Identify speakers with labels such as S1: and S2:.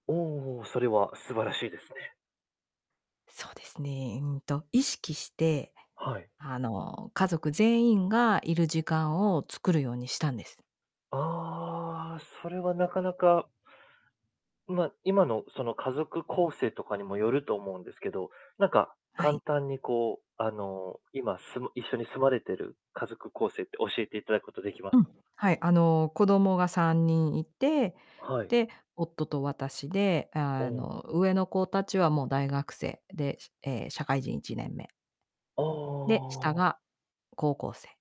S1: おおおお、それは素晴らしいですね。
S2: そうですね、うんと、意識して
S1: はい。
S2: あの、家族全員がいる時間を作るようにしたんです。
S1: ああ、それはなかなかんま、今のその家族構成とかにもよると思うんですけど、なんか
S2: は
S1: 簡
S2: い。
S1: 単にこう、あの、今、住ま一緒に住まれてる家族構成って教えていただくことできま
S2: う
S1: す
S2: ん、
S1: か？
S2: はい、あの、子供が3人いて
S1: はい。
S2: で、夫と私で、
S1: お
S2: あ
S1: お。
S2: の、上の子達はもう大学生で、しえ、社会人1年目。
S1: あ
S2: で、下
S1: あ。
S2: が高校生。